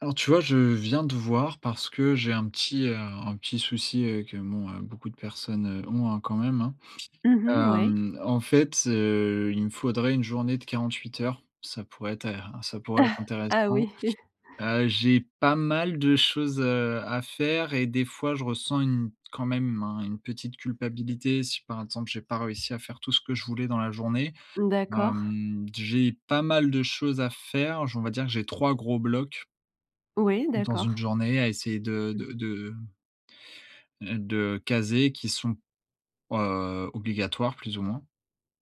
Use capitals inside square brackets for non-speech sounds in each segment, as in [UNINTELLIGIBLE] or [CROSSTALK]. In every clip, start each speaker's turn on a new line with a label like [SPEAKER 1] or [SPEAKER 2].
[SPEAKER 1] Alors, tu vois? Je viens te voir parce que j'ai un petit, heu, un petit souci, heu, que, bon, heu, beaucoup de personnes ont, hein, quand même, hein.
[SPEAKER 2] Mmh mh. Ouais.
[SPEAKER 1] Hem, en fait, heu, il me faudrait une journée de 48 heures, ça pourrait être in ça pourrait être
[SPEAKER 2] [CHUCKLES] Ah
[SPEAKER 1] intéressant.
[SPEAKER 2] oui.
[SPEAKER 1] Heu, j'ai pas mal de choses, heu, à faire et des fois, je ressens une quand même, hein, une petite culpabilité. Si, par exemple, j'ai pas réussi à faire tout ce que je voulais dans la journée.
[SPEAKER 2] D'accord.
[SPEAKER 1] Hem, j'ai pas mal de choses à faire, j on va dire que j'ai 3 gros blocs
[SPEAKER 2] Oui,
[SPEAKER 1] dans une
[SPEAKER 2] d'accord.
[SPEAKER 1] journée à essayer de
[SPEAKER 2] Mmh.
[SPEAKER 1] de de heu, de caser qui sont, heu, obligatoires plus ou moins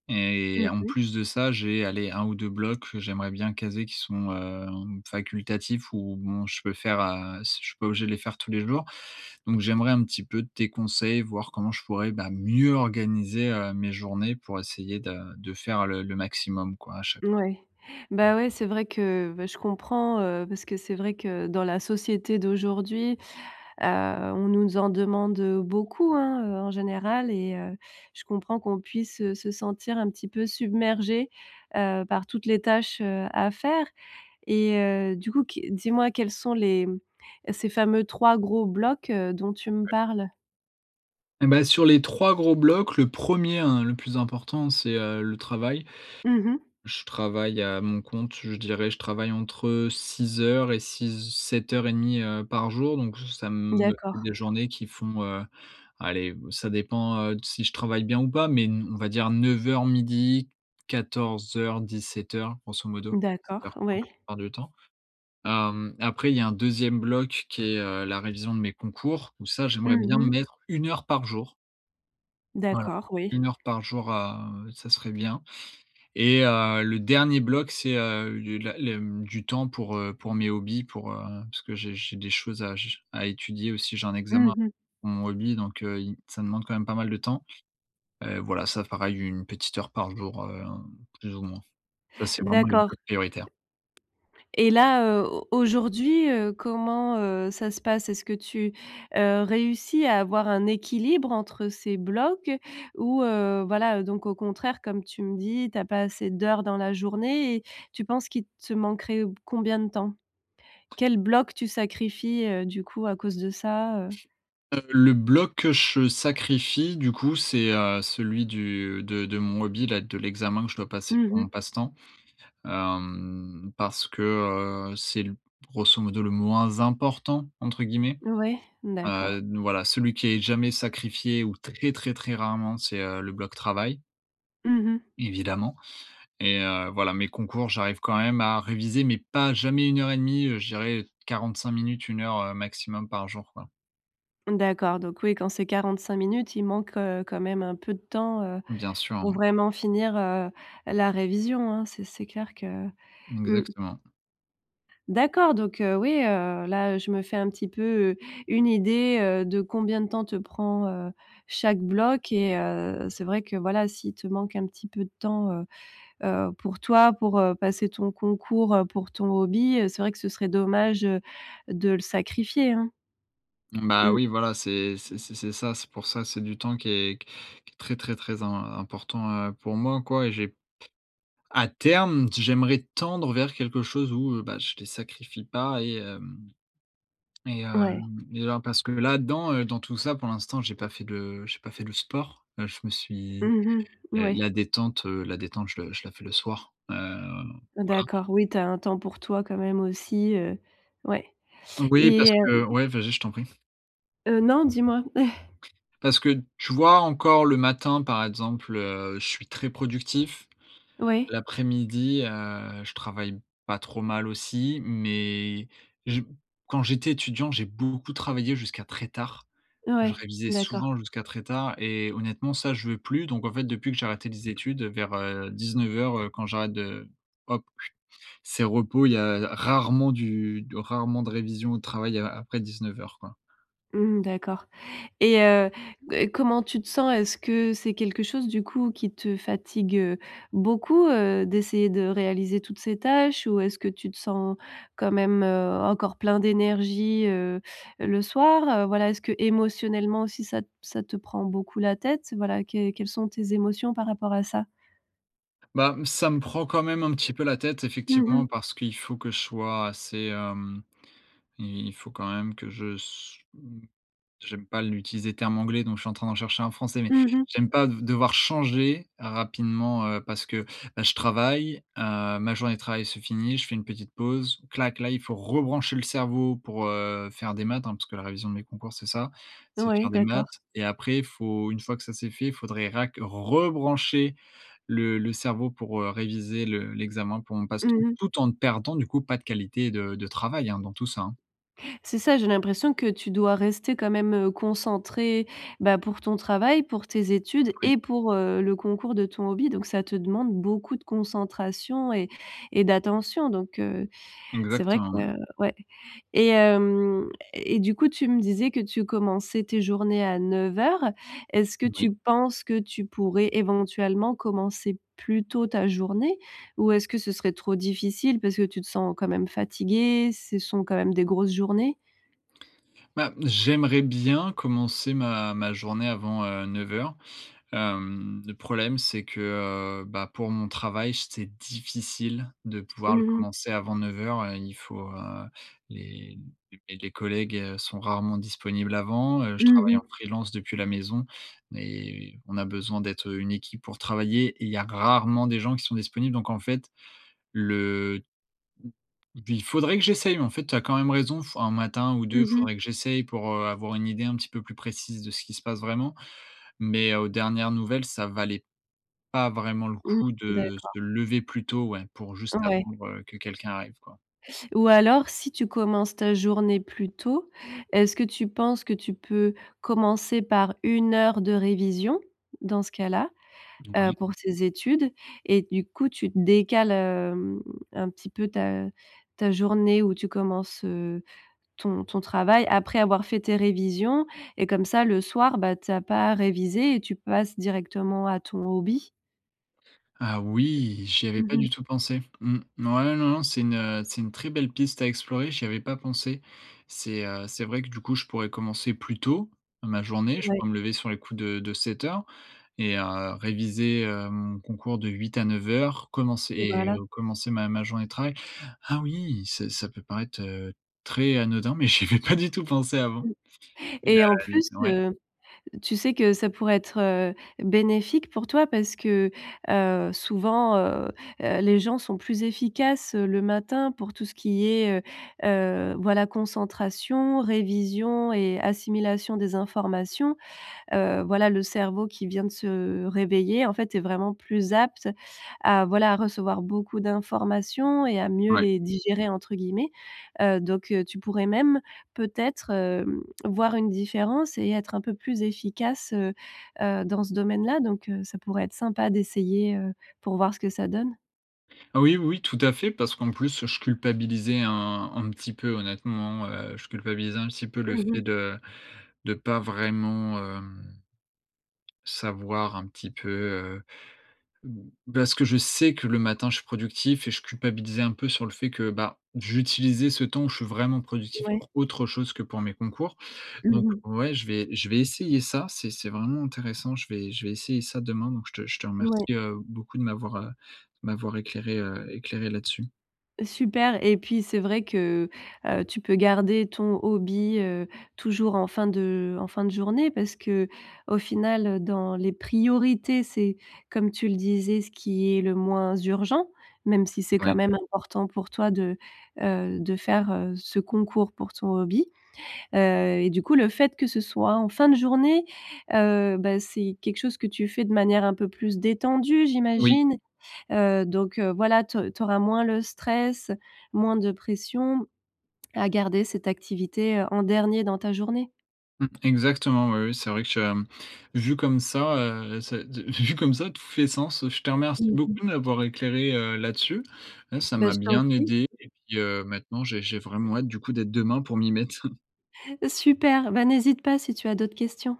[SPEAKER 1] et
[SPEAKER 2] Mmh
[SPEAKER 1] en
[SPEAKER 2] mh.
[SPEAKER 1] plus de ça, j'ai, allez 1 ou 2 blocs que j'aimerais bien caser qui sont, heu, facultatifs ou bon, je peux faire, heu, si je suis pas obligé de les faire tous les jours, donc j'aimerais un petit peu tes conseils, voir comment je pourrais, bah, mieux organiser, heu, mes journées pour essayer de de faire le le maximum, quoi, à cha [UNINTELLIGIBLE]
[SPEAKER 2] Oui. Bah ouais, c'est vrai que, beh, je comprends, heu, parce que c'est vrai que, dans la société d'aujourd'hui, heu, on nous en demande, heu, beaucoup, hein. Heu, en général et heu, je comprends qu'on puisse se sentir un petit peu submergé, heu, par toutes les tâches, heu, à faire et heu, du coup, qu dis-moi, quels sont les, mmh, ces fameux 3 gros blocs, heu, dont tu me
[SPEAKER 1] Ouais.
[SPEAKER 2] parles?
[SPEAKER 1] Eh ben, sur les 3 gros blocs, le 1er, hein, le plus important, c'est, heu, le travail.
[SPEAKER 2] Mmh mh.
[SPEAKER 1] Je travaille à mon compte, je dirais je travaille entre 6 heures et six h sept heures et demie, heu, par jour donc ça me fait
[SPEAKER 2] D'accord.
[SPEAKER 1] des journées qui font, heu, allez, ça dépend, heu, si je travaille bien ou pas mais on va dire 09:00-12:00, 14:00-17:00, grosso modo, dix-sept
[SPEAKER 2] D'accord,
[SPEAKER 1] heures trente la
[SPEAKER 2] oui.
[SPEAKER 1] plupart du temps, hem, après il y a un 2e bloc qui est, heu, la révision de mes concours où ça, j'aimerais
[SPEAKER 2] Mmh
[SPEAKER 1] bien
[SPEAKER 2] mh.
[SPEAKER 1] mettre 1 heure par jour. Voilà.
[SPEAKER 2] D'accord, oui.
[SPEAKER 1] 1 heure par jour à, heu, ça serait bien et heu, le dernier bloc c'est, heu, le la le, mmh, du temps pour, heu, pour mes hobbies, pour, heu, parce que j'ai j'ai des choses à j à étudier, aussi, j'ai un examen
[SPEAKER 2] Mmh mh.
[SPEAKER 1] mon hobby donc heu, il m ça demande quand même pas mal de temps, heu, voilà, ça pareil 1 petite heure par jour, heu, plus ou moins, ça c'est vraiment les
[SPEAKER 2] D'accord
[SPEAKER 1] blocs prioritaires.
[SPEAKER 2] et là, heu, au aujourd'hui, heu, comment, heu, ça se passe? Est-ce que tu, heu, réussis à avoir un équilibre entre ces blocs ou heu, voilà, heu, donc au contraire comme tu me dis: «Tu as pas assez d'heures dans la journée» et tu penses qu'il te manquerait combien de temps? Quel bloc tu sacrifies, heu, du coup, à cause de ça, heu
[SPEAKER 1] Heu, le bloc, que je sacrifie du coup, c'est, heu, celui du de de mon hobby-là, de l'examen que je dois passer
[SPEAKER 2] Mmh
[SPEAKER 1] pour mon
[SPEAKER 2] mh.
[SPEAKER 1] passe-temps, hem, parce que, heu, c'est l grosso modo «le moins important» entre guillemets,
[SPEAKER 2] Ouais, d'accord.
[SPEAKER 1] heu, voilà, celui qui est jamais sacrifié ou très, très, très rarement c'est, heu, le bloc travail
[SPEAKER 2] Mmh mh.
[SPEAKER 1] évidemment et heu, voilà, mes concours j'arrive quand même à réviser mais pas jamais 1 heure et 1/2, heu, je dirais 45 minutes, 1 heure, heu, maximum par jour, quoi.
[SPEAKER 2] D'accord. Donc, oui, quand c'est 45 minutes il manque, heu, quand même un peu de temps, heu,
[SPEAKER 1] Bien sûr,
[SPEAKER 2] pour
[SPEAKER 1] hein.
[SPEAKER 2] vraiment finir, heu, la révision, hein, c'est c'est clair que mmh.
[SPEAKER 1] Exactement.
[SPEAKER 2] D'accord, donc, heu, oui, heu, là je me fais un petit peu, heu, une idée, heu, de combien de temps te prend, heu, chaque bloc et heu, c'est vrai que voilà, s'il te manque un petit peu de temps, heu heu, pour toi, pour, heu, passer ton concours, heu, pour ton hobby, c'est vrai que ce serait dommage, heu, de le sacrifier, hein.
[SPEAKER 1] Bah,
[SPEAKER 2] Mmh.
[SPEAKER 1] oui voilà, c'est c'est c'est c'est ça, c'est pour ça. C'est du temps qui est q qui est très, très, très im important, heu, pour moi quoi, j'ai à terme, d j'aimerais tendre vers quelque chose où, heu, bah, je les sacrifie pas et hem et,
[SPEAKER 2] Ouais.
[SPEAKER 1] hem, et alors, parce que là-dedans, heu, dans tout ça pour l'instant, j'ai pas fait de j'ai pas fait le sport. Là je me suis,
[SPEAKER 2] Mmh mh.
[SPEAKER 1] heu,
[SPEAKER 2] Oui.
[SPEAKER 1] la détente, heu la détente, heu, je je la fais le soir. Hem, voilà.
[SPEAKER 2] D'accord, oui tu as un temps pour toi quand même aussi. Heu, ouais
[SPEAKER 1] Oui,
[SPEAKER 2] et
[SPEAKER 1] parce
[SPEAKER 2] hem
[SPEAKER 1] que ouais, vas-y, je t'en prie.
[SPEAKER 2] Heu, non, dis-moi.
[SPEAKER 1] Parce que,
[SPEAKER 2] [CHUCKLES]
[SPEAKER 1] tu vois encore le matin, par exemple, heu, je suis très productif.
[SPEAKER 2] Ouais.
[SPEAKER 1] L'après-midi, heu, je travaille pas trop mal aussi, mais je quand j'étais étudiant, j'ai beaucoup travaillé jusqu'à très tard. Je
[SPEAKER 2] Ouais,
[SPEAKER 1] révisais
[SPEAKER 2] d'accord.
[SPEAKER 1] souvent jusqu'à très tard et honnêtement ça, je veux plus. Donc en fait, depuis que j'ai arrêté les études vers, heu, 19:00, heu, quand j'arrête de hop, c'est repos il y a il y a rarement du rarement de révision ou de travail a après 19:00, quoi.
[SPEAKER 2] Mmh, d'accord et heu heu, comment tu te sens? Est-ce que c'est quelque chose du coup qui te fatigue, heu, beaucoup, heu, d'essayer de réaliser toutes ces tâches? Ou est-ce que tu te sens quand même, heu, encore plein d'énergie, heu, le soir? Heu, voilà, est-ce qu'émotionnellement aussi ça te ça te prend beaucoup la tête? Voilà. Quelles quelles sont tes émotions par rapport à ça?
[SPEAKER 1] Bah, mmh, ça me prend quand même un petit peu la tête
[SPEAKER 2] Mmh
[SPEAKER 1] effectivement
[SPEAKER 2] mh.
[SPEAKER 1] parce qu'il faut que je sois assez hem, i il faut quand même que je se m j'aime pas l'utiliser terme anglais donc je suis en train d'en chercher un français mais
[SPEAKER 2] Mmh mh.
[SPEAKER 1] j'aime pas de devoir changer rapidement, heu, parce que, bah, je travaille, heu, ma journée de travail se finit, je fais une petite pause, clac, là il faut rebrancher le cerveau pour, heu, faire des maths, hein, parce que la révision de mes concours c'est ça, c'est
[SPEAKER 2] Ouais,
[SPEAKER 1] faire des
[SPEAKER 2] d'accord.
[SPEAKER 1] maths et après il faut, une fois que ça c'est fait il faudrait rac rebrancher le le cerveau pour, heu, réviser le l'examen pour mon
[SPEAKER 2] Mmh
[SPEAKER 1] passe-temps,
[SPEAKER 2] mh.
[SPEAKER 1] tout en ne perdant, du coup, pas de qualité de de travail, hein, dans tout ça.
[SPEAKER 2] C'est ça, j'ai l'impression que tu dois rester quand même, heu, concentré, bah, pour ton travail, pour tes études
[SPEAKER 1] Oui.
[SPEAKER 2] et pour, heu, le concours de ton hobby. Donc ça te demande beaucoup de concentration et et d'attention donc, heu, c'est vrai
[SPEAKER 1] Exactement,
[SPEAKER 2] que
[SPEAKER 1] ouais.
[SPEAKER 2] ouais et hem et du coup tu me disais que tu commençais tes journées à 09:00. Est-ce que
[SPEAKER 1] Oui.
[SPEAKER 2] tu penses que tu pourrais éventuellement commencer plus tôt ta journée? Ou est-ce que ce serait trop difficile parce que tu te sens quand même fatigué? Ce sont quand même des grosses journées.
[SPEAKER 1] Bah, j'aimerais bien commencer ma ma journée avant 09:00. Hem, le problème, c'est que, heu, bah, pour mon travail, j c'est difficile de pouvoir le
[SPEAKER 2] Mmh mh.
[SPEAKER 1] commencer avant 09:00. Heu, il faut, heu, les les les collègues sont rarement disponibles avant, heu, je
[SPEAKER 2] Mmh
[SPEAKER 1] travaille en
[SPEAKER 2] mh.
[SPEAKER 1] freelance depuis la maison, mais on a besoin d'être une équipe pour travailler et il y a rarement des gens qui sont disponibles donc en fait le il faudrait que j'essaye en fait. Tu as quand même raison f 1 matin ou 2
[SPEAKER 2] Mmh mh.
[SPEAKER 1] faudrait que j'essaye pour, heu, avoir une idée un petit peu plus précise de ce qui se passe vraiment mais aux dernières nouvelles, ça valait pas vraiment le
[SPEAKER 2] Mmh.
[SPEAKER 1] coup de
[SPEAKER 2] D'accord.
[SPEAKER 1] se lever plus tôt, ouais, pour juste
[SPEAKER 2] Ouais.
[SPEAKER 1] attendre que quelqu'un arrive quoi.
[SPEAKER 2] Ou alors si tu commences ta journée plus tôt, est-ce que tu penses que tu peux commencer par 1 heure de révision? Dans ce cas-là, heu,
[SPEAKER 1] [UNINTELLIGIBLE]
[SPEAKER 2] pour tes études et du coup tu te décales, hem, un petit peu ta ta journée où tu commences, heu, ton ton travail après avoir fait tes révisions et comme ça le soir, bah, tu as pas réviser et tu passes directement à ton hobby.
[SPEAKER 1] Ah oui! J'y avais
[SPEAKER 2] Mmh
[SPEAKER 1] pas
[SPEAKER 2] mh.
[SPEAKER 1] du tout pensé. Mmh, ouais, non, non, c'est une, heu, c'est une très belle piste à explorer, j'y avais pas pensé. C'est, heu, c'est vrai que, du coup, je pourrais commencer plus tôt ma journée. Je
[SPEAKER 2] Ouais.
[SPEAKER 1] pourrais me lever sur les coups de de 7:00 et heu, réviser, heu, mon concours de 8 à 9:00 commencer et
[SPEAKER 2] Voilà.
[SPEAKER 1] commencer ma ma journée de travail. Ah oui, ça ça peut paraître, heu, très anodin mais j'y avais pas du tout pensé avant
[SPEAKER 2] Mmh
[SPEAKER 1] et bah
[SPEAKER 2] et en plus,
[SPEAKER 1] l ouais.
[SPEAKER 2] heu, tu sais que ça pourrait être, heu, bénéfique pour toi. Parce que, heu, souvent, heu heu, les gens sont plus efficaces, heu, le matin pour tout ce qui est, heu heu, voilà, concentration, révision et assimilation des informations, heu, voilà, le cerveau qui vient de se réveiller, en fait, est vraiment plus apte à, voilà, à recevoir beaucoup d'informations et à mieux
[SPEAKER 1] Ouais.
[SPEAKER 2] les «digérer» entre guillemets, heu, donc heu, tu pourrais même peut-être, hem, voir une différence et être un peu plus efficace, heu heu, dans ce domaine-là. Donc, heu, ça pourrait être sympa d'essayer, heu, pour voir ce que ça donne.
[SPEAKER 1] Heu, oui, oui, oui tout à fait parce qu'en plus je culpabilisais un un petit peu honnêtement, heu, je culpabilisais un petit peu le
[SPEAKER 2] Mmh
[SPEAKER 1] fait
[SPEAKER 2] mh.
[SPEAKER 1] de de pas vraiment, hem, savoir un petit peu, heu, b parce que je sais que le matin je suis productif et je culpabilisais un peu sur le fait que, bah, j'utilisais ce temps où je suis vraiment productif
[SPEAKER 2] Ouais.
[SPEAKER 1] pour autre chose que pour mes concours.
[SPEAKER 2] Mmh
[SPEAKER 1] Donc
[SPEAKER 2] mh.
[SPEAKER 1] ouais, je vais je vais essayer ça. C'est c'est vraiment intéressant je vais je vais essayer ça demain. Donc je te je te
[SPEAKER 2] Mouais.
[SPEAKER 1] remercie, heu, beaucoup de m'avoir, heu, de m'avoir éclairé, heu, éclairé là-dessus.
[SPEAKER 2] Super et puis c'est vrai que, heu, tu peux garder ton hobby, heu, toujours en fin de en fin de journée parce qu'au final, heu, dans les priorités c'est, comme tu le disais, ce qui est le moins urgent, même si c'est
[SPEAKER 1] Ouais.
[SPEAKER 2] quand même important pour toi de, heu, de faire, heu, ce concours pour ton hobby. Heu et du coup le fait que ce soit en fin de journée, heu bah, c'est quelque chose que tu fais de manière un peu plus détendue,
[SPEAKER 1] Oui.
[SPEAKER 2] j'imagine? Heu, donc, heu, voilà tu au tu auras moins le stress, moins de pression à garder cette activité, heu, en dernier dans ta journée.
[SPEAKER 1] Mmh, exactement, oui, oui, c'est vrai que tu as, mmh, vu comme ça, heu, c'est de vu comme ça, tout fait sens, heu, je te remercie
[SPEAKER 2] Mmh
[SPEAKER 1] beaucoup
[SPEAKER 2] mh.
[SPEAKER 1] de m'avoir éclairé, heu, là-dessus. Ouais, ça
[SPEAKER 2] Bah,
[SPEAKER 1] m'a
[SPEAKER 2] je t'en
[SPEAKER 1] bien
[SPEAKER 2] prie.
[SPEAKER 1] aidé et puis, heu, maintenant, j'ai j'ai vraiment hâte du coup d'être demain pour m'y mettre. [CHUCKLES]
[SPEAKER 2] Super, bah, n'hésite pas si tu as d'autres questions.